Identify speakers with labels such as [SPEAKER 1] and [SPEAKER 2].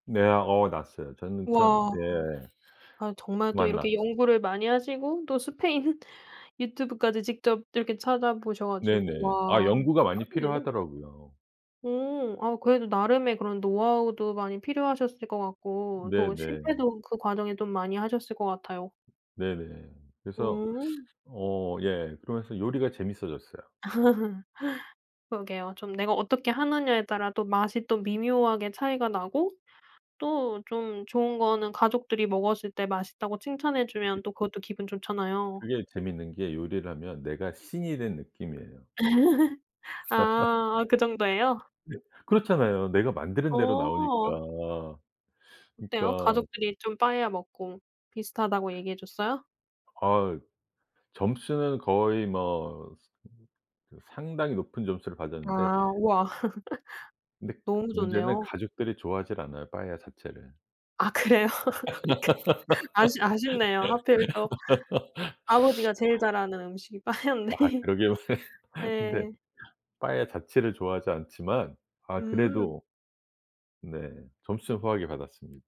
[SPEAKER 1] 네. 아 어 났어요 저는 저는
[SPEAKER 2] 와.
[SPEAKER 1] 예.
[SPEAKER 2] 아 정말 또
[SPEAKER 1] 완나
[SPEAKER 2] 이렇게 연구를 많이 하시고 또 스페인 유튜브까지 직접 이렇게 찾아보셔 가지고
[SPEAKER 1] 네네. 아
[SPEAKER 2] 와
[SPEAKER 1] 연구가 많이
[SPEAKER 2] 대박이네요.
[SPEAKER 1] 필요하더라고요.
[SPEAKER 2] 오. 아 그래도 나름의 그런 노하우도 많이 필요하셨을 것 같고 또
[SPEAKER 1] 네네.
[SPEAKER 2] 실패도 그 과정에 또 많이 하셨을 것 같아요.
[SPEAKER 1] 네네. 그래서
[SPEAKER 2] 오.
[SPEAKER 1] 어 예 그러면서 요리가 재밌어졌어요.
[SPEAKER 2] 그러게요. 좀 내가 어떻게 하느냐에 따라 또 맛이 또 미묘하게 차이가 나고 또 좀 좋은 거는 가족들이 먹었을 때 맛있다고 칭찬해 주면
[SPEAKER 1] [unintelligible]
[SPEAKER 2] 또 그것도 기분 좋잖아요.
[SPEAKER 1] 그게 재밌는 게 요리를 하면 내가 신이 된 느낌이에요.
[SPEAKER 2] 아 아 그 정도예요?
[SPEAKER 1] 네. 그렇잖아요 내가 만드는 대로 나오니까.
[SPEAKER 2] 어. 어때요?
[SPEAKER 1] 그러니까
[SPEAKER 2] 가족들이 좀 빠에야 먹고 비슷하다고 얘기해 줬어요?
[SPEAKER 1] 아 점수는 거의 뭐 스 그 상당히 높은 점수를 받았는데
[SPEAKER 2] 아. 우와.
[SPEAKER 1] 근데
[SPEAKER 2] 너무
[SPEAKER 1] 문제는
[SPEAKER 2] 좋네요.
[SPEAKER 1] 가족들이 좋아하질 않아요 빠에야 자체를.
[SPEAKER 2] 아 그래요? 이렇게 아쉽 아쉽네요 하필 또 아버지가 제일 잘하는 음식이
[SPEAKER 1] 아
[SPEAKER 2] 빠에야인데.
[SPEAKER 1] 그러게요.
[SPEAKER 2] 예.
[SPEAKER 1] 근데 빠에야 자체를 좋아하지 않지만 아
[SPEAKER 2] 음.
[SPEAKER 1] 그래도 네 점수는 후하게 받았습니